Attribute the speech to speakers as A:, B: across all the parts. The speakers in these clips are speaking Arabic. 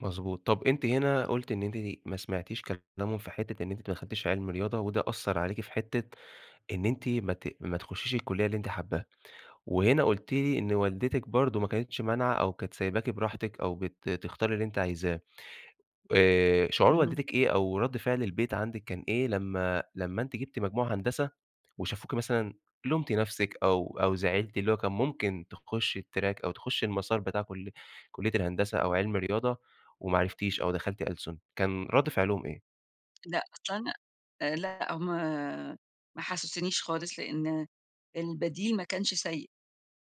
A: مضبوط، طَب أنتِ هنا قلُتِ إن أنتِ ما سمعتيش كلامهم في حتّة إن أنتِ ما دخلتيش علم رياضة، وده أثّر عليكِ في حتّة إن أنتِ ما ت ما تخشيش الكلية اللي أنتِ حاباها، وهنا قُلتِ لي إن والدتِك برضه ما كانتش مانعة أو كانت سايباكِ براحتِك أو بت تختاري اللي أنتِ عايزاه. آآ، شعور
B: اهم.
A: والدتِك إيه أو رد فعل البيت عندِك كان إيه لمّا لمّا أنتِ جبتِ مجموع هندسة وشافوكِ مثلًا لُمتِ نَفْسِك أو أو زعلتِ، اللي هو كان ممكن تخشي الTrack أو تخشي المسار بتاع كل كلية الهندسة أو عِلمي رياضة وما عرفتيش، أو دخلتِ ألسن، كان رد فعلهم إيه؟
B: لأ، أصل انا آآ، لأ هُم ما حَسّسونيش خالص، لأن البديل ما كانش سيء،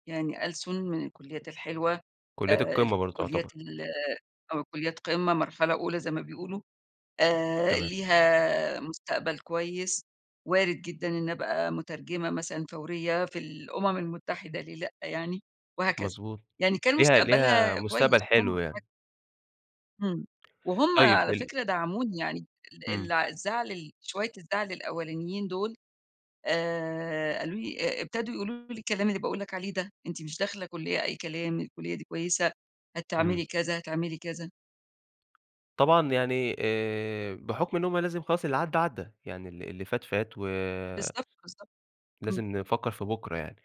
B: يعني ألسُن من الكليات الحلوة،
A: كليات
B: آآ،
A: القمة برضه تُعتبر.
B: الكليات ال أو كليات قمّة مرحلة أولى زي ما بيقولوا، آآ،
A: تمام.
B: ليها مستقبل كويس وارد جدًا إن أبقى مترجمة مثلًا فوريّة في الأمم المتحدة ليه لأ يعني، وهكذا،
A: مضبوط،
B: يعني كان
A: ليها ليها
B: مستقبلها كويس
A: مستقبل
B: وهُم
A: حلو يعني.
B: [unintelligible] إمم، وهُم
A: طيب
B: على
A: ال
B: فكرة دعموني يعني ال ال
A: إمم.
B: الزعل ال شويّة الزعل الأولانيين دول آآ، قالوا لي أ ابتدوا يقولوا لي الكلام اللي باقول لك عليه ده، أنتِ مش داخلة كلية أي كلام، الكلية دي كويسة، هتعملي
A: إمم.
B: كذا، هتعملي كذا.
A: طبعًا يعني آآ، بحكم إن هُم لازم خلاص اللي عدّى، عدّى يعني ال اللي فات، فات و
B: بالضبط، بالضبط امم.
A: لازم نفكّر في بُكرة يعني،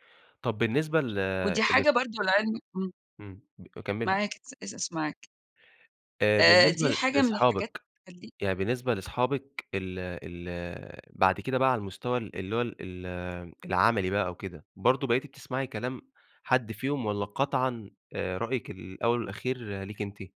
A: طَب بالنسبة ل
B: ودي
A: لص
B: حاجة برضه لعلم امم.
A: إمم، ب كمّلي.
B: معاك ات اس اس معاك.
A: آآ،
B: آآ،
A: بالنسبة
B: دي
A: ل
B: حاجة من الحاجات
A: لصحابِك،
B: اللي تخلّيك
A: يعني بالنسبة لصحابِك ال ال بعد كده بقى على المستوى ال اللي هو ال ال العملي بقى أو كده، برضه بقيتِ بتسمعي كلام حد فيهم والّا قطعًا آآ، رأيِك الأوّل والأخير ليكِ أنتِ؟